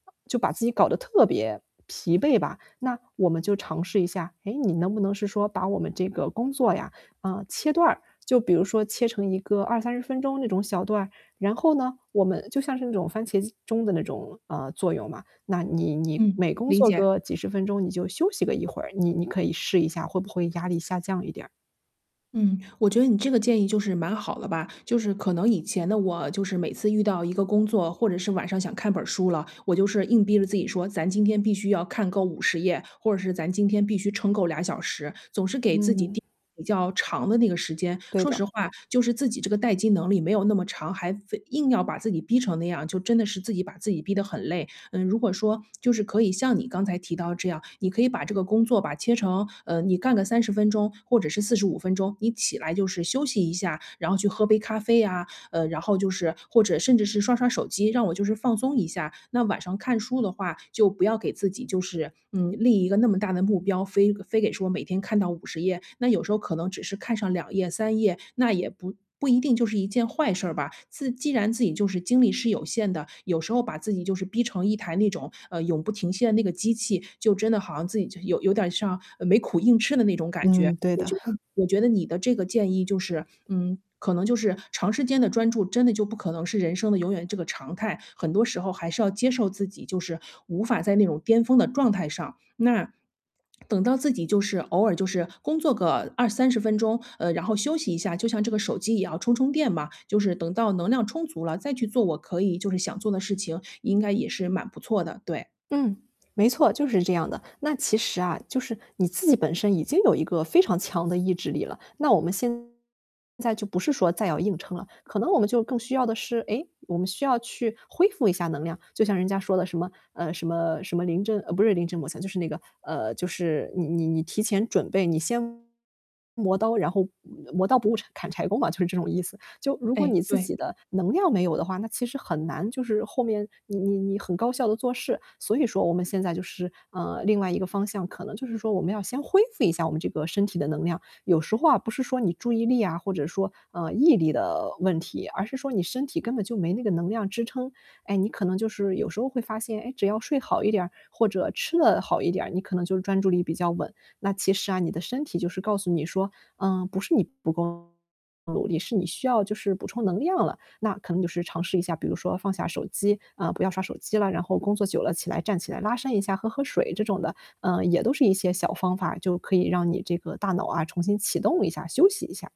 就把自己搞得特别疲惫吧。那我们就尝试一下，诶，你能不能是说把我们这个工作呀，嗯，切断。就比如说切成一个20-30分钟那种小段，然后呢，我们就像是那种番茄机钟的那种，嗯，作用嘛。那你你嗯，每工理作解。个几10分钟你就休息个一会儿，你你可以试一下会不会压力下降一点儿。嗯，我觉得你这个建议就是蛮好了吧。就是可能以前的我，就是每次遇到一个工作或者是晚上想看本书了，我就是硬逼着自己说，咱今天必须要看够50页，或者是咱今天必须撑够2小时。总是给自己嗯。定比较长的那个时间。对说的。实话就是自己这个待机能力没有那么长，还非硬要把自己逼成那样，就真的是自己把自己逼得很累。嗯，如果说，就是可以像你刚才提到这样，你可以把这个工作，把切成嗯，你干个30分钟，或者是45分钟，你起来就是休息一下，然后去喝杯咖啡啊，嗯，然后就是或者甚至是刷刷手机，让我就是放松一下。那晚上看书的话就不要给自己就是，嗯，立一个那么大的目标，非非得说每天看到50页，那有时候可能只是看上2页、3页，那也不不一定就是一件坏事吧。自既然自己就是精力是有限的，有时候把自己就是逼成一台那种，呃，永不停歇的那个机器，就真的好像自己有有点像，呃，没苦硬吃的那种感觉。嗯，对我的。觉得 我觉得你的这个建议就是，嗯，可能就是长时间的专注，真的就不可能是人生的永远这个常态。很多时候还是要接受自己，就是无法在那种巅峰的状态上。那，等到自己就是，偶尔就是工作个20-30分钟，呃，然后休息一下，就像这个手机一样充充电嘛，就是等到能量充足了再去做，我可以就是想做的事情，应该也是蛮不错的，对。嗯，没错，就是这样的。那其实啊，就是你自己本身已经有一个非常强的意志力了，那我们现在就不是说再要硬撑了。可能我们就更需要的是，诶，我们需要去恢复一下能量。就像人家说的什么，嗯，什么什么临阵呃，不是临阵磨枪，就是那个，呃，就是你你你提前准备，你先磨刀，然后磨刀不误柴砍柴工嘛，就是这种意思。就如果哎，你自对。己的能量没有的话，那其实很难，就是后面，你你你很高效地做事。所以说我们现在就是，嗯，另外一个方向可能就是说我们要先恢复一下我们这个身体的能量。有时候啊，不是说你注意力啊，或者说，嗯，毅力的问题，而是说你身体根本就没那个能量支撑。哎，你可能就是有时候会发现，诶，只要睡好一点或者吃了好一点，你可能就专注力比较稳。那其实啊，你的身体就是告诉你说，嗯，不是你不够努力，是你需要就是补充能量了。那可能就是尝试一下，比如说放下手机，嗯，不要刷手机了，然后工作久了起来站起来拉伸一下，喝喝水这种的，嗯，也都是一些小方法，就可以让你这个大脑啊，重新启动一下，休息一下。